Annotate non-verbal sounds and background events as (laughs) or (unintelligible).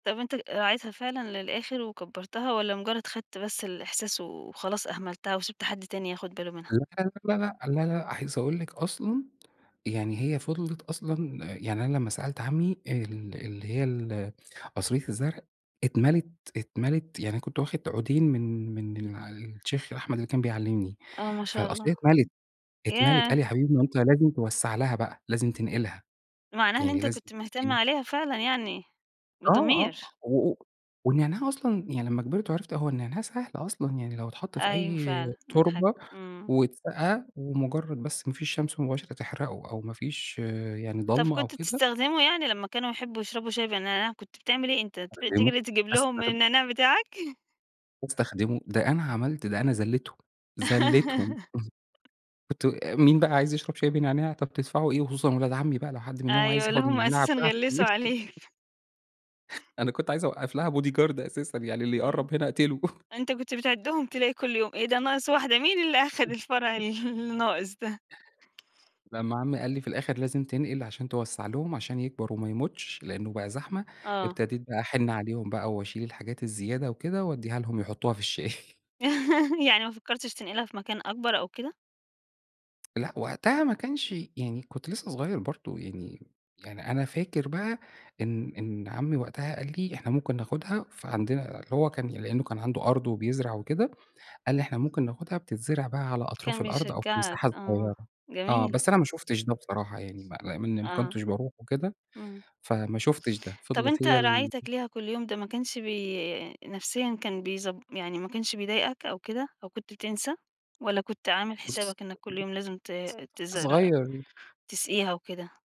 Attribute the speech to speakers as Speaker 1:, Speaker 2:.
Speaker 1: طب، أنت راعيتها فعلًا للآخر وكبرتها؟ والّا مجرد خدت بس الإحساس وخلاص أهملتها وسِبت حد تاني ياخد باله منها؟
Speaker 2: لا لا لأ، لا لا لا لأ، عايز أقول لِك أصلًا يعني هي فضلِت أصلًا يعني أنا لمّا سألت عمي ال اللي هي ال قصرية الزرع اتملت، اتملت. يعني أنا كنت واخد عودين من من الشيخ أحمد اللي كان بيعلمني.
Speaker 1: آه، ما شاء
Speaker 2: فالقصرية
Speaker 1: الله.
Speaker 2: اتملت، اتملت. قال
Speaker 1: ياه!
Speaker 2: لي: "يا حبيبي، ما أنت لازم توسع لها بقى، لازم تنقلها،
Speaker 1: معناها إن
Speaker 2: يعني
Speaker 1: أنت
Speaker 2: لازم
Speaker 1: كنت مهتم
Speaker 2: تسقيها"
Speaker 1: عليها فعلًا يعني،
Speaker 2: آه، آه،
Speaker 1: بضمير.
Speaker 2: و والنعناع أصلًا يعني لمّا كبرت وعرفت هو النعناع سهل أصلًا، يعني لو اتحط في
Speaker 1: أيوه
Speaker 2: أي
Speaker 1: فعلًا، امم، حلو،
Speaker 2: تربة،
Speaker 1: امم.
Speaker 2: واتسقى ومجرد بس ما فيش شمس مباشرة تحرقه أو ما فيش يعني
Speaker 1: طب،
Speaker 2: ضلمة أو
Speaker 1: كنت
Speaker 2: كده.
Speaker 1: بتستخدمه؟ يعني لمّا كانوا يحبوا يشربوا شاي بالنعناع، كنت بتعمل إيه؟ أنت ت
Speaker 2: استخدمه،
Speaker 1: تجري تجيب لهم
Speaker 2: استخ
Speaker 1: من النعناع بتاعك؟ (chuckles)
Speaker 2: أستخدمه؟ ده أنا عملت ده أنا ذليتهم، ذليتهم. (unintelligible)
Speaker 1: (laughs)
Speaker 2: كنت مين بقى عايز يشرب شاي بنعناع؟ طب، تدفعوا إيه؟ خصوصًا ولاد عمي بقى لو حد منهم عايز
Speaker 1: أيوه، اللي
Speaker 2: ياخد من
Speaker 1: هم
Speaker 2: النعناع
Speaker 1: أساسا
Speaker 2: بتاعي
Speaker 1: غلسوا
Speaker 2: (unintelligible)
Speaker 1: عليك.
Speaker 2: أنا كنت عايزة أوقف لها body guard أساسًا يعني اللي
Speaker 1: إمم.
Speaker 2: يقرب هنا أقتله. (chuckles)
Speaker 1: أنت كنت بتعدهم تلاقي كل يوم. إيه ده ناقص واحدة؟ مين اللي أخد الفرع
Speaker 2: (unintelligible)
Speaker 1: ال الناقص ده.
Speaker 2: لمّا عمي قال لي في الآخر: "لازم تنقل عشان توسع لهم عشان يكبر، وما يموتش، لأنه بقى زحمة."
Speaker 1: آه.
Speaker 2: ابتديت بقى أحن عليهم بقى وأشيل الحاجات الزيادة وكده، وأديها لهم يحطوها في الشاي. (chuckles)
Speaker 1: (chuckles) يعني ما فكرتش تنقلها في مكان أكبر أو كده؟
Speaker 2: لأ، وقتها ما كانش يعني كنت لسه صغير برضه يعني يعني أنا فاكر بقى إن إن عمي وقتها قال لي: "إحنا ممكن ناخدها، فعندنا" اللي هو كان لأنه كان عنده أرض وبيزرع وكده، قال لي: "إحنا ممكن ناخدها، بتتزرع بقى على أطراف
Speaker 1: كان
Speaker 2: الأرض أو في
Speaker 1: بيشجعك
Speaker 2: مساحة
Speaker 1: آه،
Speaker 2: صغيرة." آه،
Speaker 1: جميل.
Speaker 2: بس أنا ما شفتش ده بصراحة يعني، ما (unintelligible)
Speaker 1: آه.
Speaker 2: كنتش باروح وكده
Speaker 1: إمم.
Speaker 2: فما شفتش ده.
Speaker 1: طب،
Speaker 2: فضلت
Speaker 1: أنت
Speaker 2: هي ال
Speaker 1: رعايتك ليها كل يوم ده ما كانش بي نفسيًا كان بيز يعني ما كانش بيضايقك أو كده؟ أو كنت بتنسى؟ والّا كنت عامل
Speaker 2: بُص
Speaker 1: حسابك إنك كل يوم لازم ت
Speaker 2: (unintelligible)
Speaker 1: تزرع
Speaker 2: صغير.
Speaker 1: تسقيها وكده؟